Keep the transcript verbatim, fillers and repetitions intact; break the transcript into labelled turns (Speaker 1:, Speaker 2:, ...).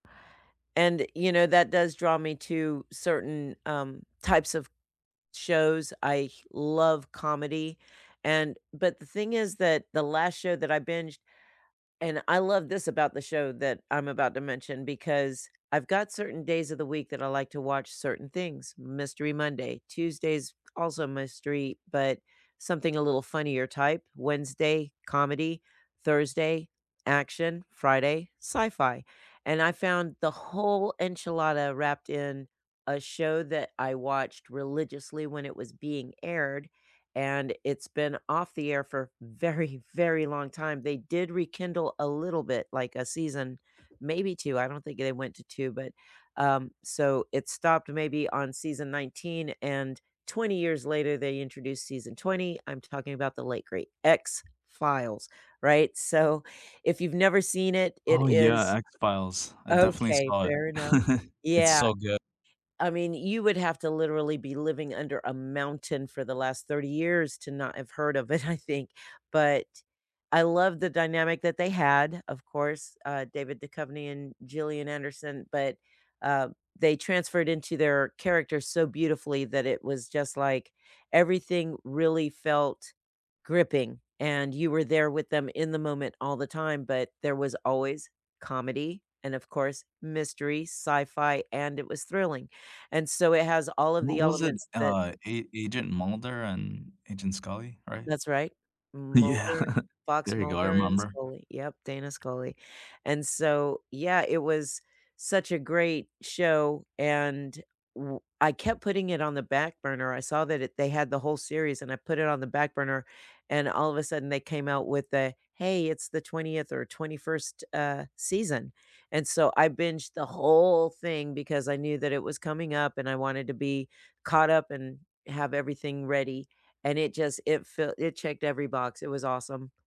Speaker 1: And, you know, that does draw me to certain, um, types of shows, I love comedy, and But the thing is that the last show that I binged And I love this about the show that I'm about to mention because I've got certain days of the week that I like to watch certain things. Mystery Monday. Tuesdays also a mystery, but something a little funnier type. Wednesday, comedy. Thursday, action. Friday, sci-fi. And I found the whole enchilada wrapped in a show that I watched religiously when it was being aired, and it's been off the air for a very, very long time. They did rekindle a little bit, like a season, maybe two. I don't think they went to two, but, um, so it stopped maybe on season nineteen, and twenty years later, they introduced season twenty. I'm talking about the late great X-Files, right? So, if you've never seen it, it
Speaker 2: Oh yeah,
Speaker 1: is
Speaker 2: X-Files. I definitely
Speaker 1: Okay,
Speaker 2: saw it.
Speaker 1: fair enough.
Speaker 2: It's
Speaker 1: Yeah.
Speaker 2: so good.
Speaker 1: I mean, you would have to literally be living under a mountain for the last thirty years to not have heard of it, I think, but I love the dynamic that they had, of course, uh, David Duchovny and Gillian Anderson, but uh, they transferred into their characters so beautifully that it was just like, everything really felt gripping, and you were there with them in the moment all the time, but there was always comedy, and of course, mystery, sci-fi, and it was thrilling, and so it has all of
Speaker 2: What
Speaker 1: the
Speaker 2: was it,
Speaker 1: elements that
Speaker 2: uh, A Agent Mulder and Agent Scully, right?
Speaker 1: That's right.
Speaker 2: Yeah,
Speaker 1: Mulder, Fox
Speaker 2: there you go. I
Speaker 1: Mulder and
Speaker 2: remember.
Speaker 1: Scully, yep, Dana Scully. And so, yeah, it was such a great show, and w I kept putting it on the back burner. I saw that it they had the whole series, and I put it on the back burner, and all of a sudden they came out with the, "Hey, it's the twentieth or twenty-first, uh, season." And so I binged the whole thing because I knew that it was coming up, and I wanted to be caught up and have everything ready, and it just it felt it checked every box. It was awesome.